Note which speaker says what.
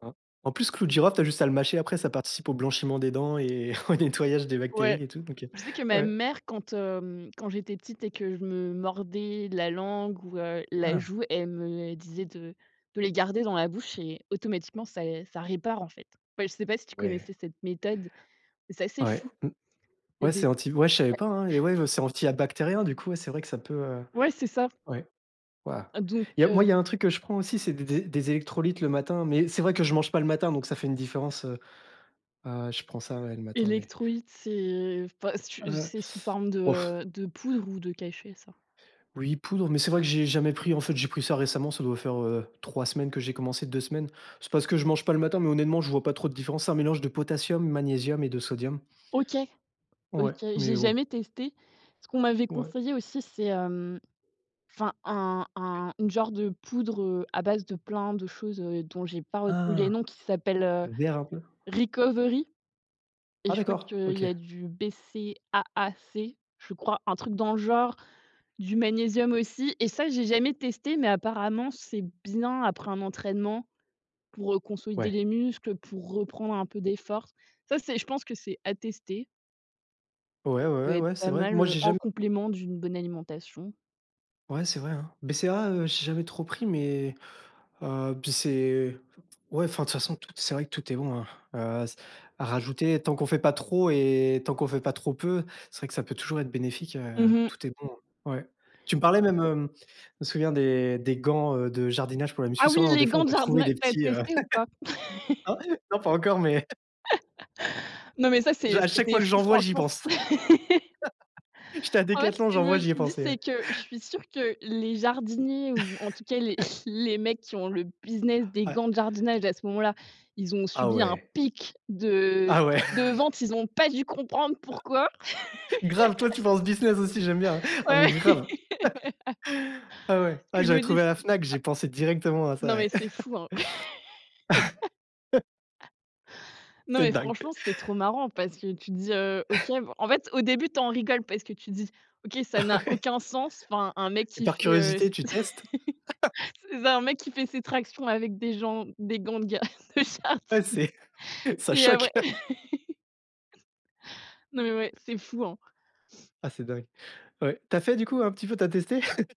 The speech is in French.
Speaker 1: Ah. En plus clou de girofle, tu as juste à le mâcher après ça participe au blanchiment des dents et au nettoyage des
Speaker 2: Ouais.
Speaker 1: bactéries et tout donc heu,
Speaker 2: Je sais que
Speaker 1: ouais,
Speaker 2: ma
Speaker 1: ouais.
Speaker 2: mère quand, hem, quand j'étais petite et que je me mordais la langue ou heu, la
Speaker 1: Hein.
Speaker 2: joue, elle me disait de de les garder dans la bouche et automatiquement ça et ça répare, en fait. Bah, et je sais pas si tu
Speaker 1: Ouais.
Speaker 2: connaissais cette méthode, mais c'est assez
Speaker 1: Ouais,
Speaker 2: fou.
Speaker 1: mmh.
Speaker 2: Il y a
Speaker 1: Ouais
Speaker 2: des
Speaker 1: c'est anti ouais je savais
Speaker 2: Ouais.
Speaker 1: pas, hein, les ouais, heu, c'est anti à bactérien du coup, ouais c'est vrai que ça peut heu,
Speaker 2: Ouais, c'est ça.
Speaker 1: ouais. Waouh.
Speaker 2: Donc
Speaker 1: Il y a moi
Speaker 2: heu
Speaker 1: il y a un truc que je prends aussi c'est des des des électrolytes le matin, mais c'est vrai que je mange pas le matin donc ça fait une différence, heu heu, je prends ça ouais, le matin mais
Speaker 2: Electrolytes c'est, enfin, c'est j
Speaker 1: Heu.
Speaker 2: c'est sous forme
Speaker 1: Ouf.
Speaker 2: de de poudre ou de cachet ça.
Speaker 1: Oui poudre, mais c'est vrai que j'ai jamais pris en fait j'ai pris ça récemment ça doit faire, heu, 3 semaines que j'ai commencé, 2 semaines. C'est parce que je mange pas le matin mais honnêtement je vois pas trop de différence. C'est un mélange de potassium, magnésium et de sodium.
Speaker 2: OK. OK,
Speaker 1: Ouais,
Speaker 2: j'ai
Speaker 1: mais bon.
Speaker 2: jamais testé. Ce qu'on m'avait
Speaker 1: Ouais.
Speaker 2: conseillé aussi c'est, hem, enfin un un une genre de poudre, heu, à base de plein de choses heu, dont j'ai pas retenu les noms
Speaker 1: Ah.
Speaker 2: qui s'appelle heu,
Speaker 1: Heu, d'érable.
Speaker 2: Recovery. Et
Speaker 1: Ah,
Speaker 2: je crois
Speaker 1: d'accord!
Speaker 2: qu'il
Speaker 1: OK.
Speaker 2: y a du BCAAC? Je crois, un truc dans le genre, du magnésium aussi. Et ça j'ai jamais testé mais apparemment c'est bien après un entraînement pour, heu, consolider
Speaker 1: Ouais.
Speaker 2: les muscles, pour reprendre un peu des forces. Ça c'est je pense que c'est à tester qui
Speaker 1: Ouais, ouais,
Speaker 2: peut
Speaker 1: ouais,
Speaker 2: être
Speaker 1: ouais, c'est
Speaker 2: pas
Speaker 1: vrai que
Speaker 2: mal,
Speaker 1: moi
Speaker 2: heu,
Speaker 1: j'ai
Speaker 2: en
Speaker 1: jam
Speaker 2: complément d'une bonne alimentation.
Speaker 1: Ouais c'est vrai, hein. BCA, heu, j'ai jamais trop pris mais heu, puis c'est ouais, enfin de toute façon, tout est c'est vrai que tout est bon, heu heu, s à rajouter. Tant qu'on fait pas trop et tant qu'on fait pas trop peu, c'est vrai que ça peut toujours être bénéfique, heu,
Speaker 2: Mmh mh.
Speaker 1: tout est bon. Ouais. Tu me parlais même hem, je me souviens des des gants, heu, de jardinage pour la
Speaker 2: Ah
Speaker 1: muscu,
Speaker 2: oui,
Speaker 1: souvent
Speaker 2: les
Speaker 1: des fois
Speaker 2: gants
Speaker 1: on
Speaker 2: de
Speaker 1: peut trouver
Speaker 2: jardinage,
Speaker 1: des
Speaker 2: tu as
Speaker 1: petits heu,
Speaker 2: testé ou pas?
Speaker 1: Ah ouais? Non pas encore mais
Speaker 2: Non, mais ça
Speaker 1: je
Speaker 2: c'est
Speaker 1: à chaque
Speaker 2: c'était
Speaker 1: fois que
Speaker 2: fran
Speaker 1: j'en vois j'y
Speaker 2: franchement.
Speaker 1: pense! J'étais à
Speaker 2: En fait,
Speaker 1: décathlon,
Speaker 2: ce que
Speaker 1: j'en
Speaker 2: je
Speaker 1: vois
Speaker 2: me
Speaker 1: j'y ai
Speaker 2: suis dit
Speaker 1: pensé,
Speaker 2: c'est
Speaker 1: ouais.
Speaker 2: que, je suis sûre que les jardiniers ou en tout cas les les mecs qui ont le business des
Speaker 1: Ouais.
Speaker 2: gants de jardinage à ce moment là, ils ont
Speaker 1: Ah
Speaker 2: subi un
Speaker 1: ouais!
Speaker 2: pic de
Speaker 1: Ah ouais!
Speaker 2: de vente, ils ont pas dû comprendre pourquoi.
Speaker 1: Grave! Toi tu penses business aussi j'aime bien, hein. Ah
Speaker 2: Ouais,
Speaker 1: mais grave!
Speaker 2: ouais.
Speaker 1: Ah ouais.
Speaker 2: Ce que
Speaker 1: Ah
Speaker 2: je me
Speaker 1: j'avais
Speaker 2: dis
Speaker 1: trouvé à la
Speaker 2: c'est
Speaker 1: Fnac,
Speaker 2: à
Speaker 1: j'ai pensé directement à ça,
Speaker 2: non mais
Speaker 1: ouais.
Speaker 2: c'est fou, hein. Non
Speaker 1: C'est
Speaker 2: mais
Speaker 1: dingue.
Speaker 2: franchement, c'est trop marrant parce que tu te dis: «Heu, OK bon» en fait au début tu en rigoles parce que tu dis: «OK, ça n'a aucun sens, enfin un mec
Speaker 1: Et
Speaker 2: qui
Speaker 1: par
Speaker 2: fait, heu»
Speaker 1: curiosité tu testes?
Speaker 2: c'est ça, un mec qui fait ses tractions avec des gens des gants de gua de
Speaker 1: Ouais
Speaker 2: jardinage.
Speaker 1: c'est ça
Speaker 2: Et après
Speaker 1: choque.
Speaker 2: Non mais ouais. C'est fou, hein.
Speaker 1: Ah c'est dingue. Ouais. Tu as fait du coup un petit peu? Tu as testé?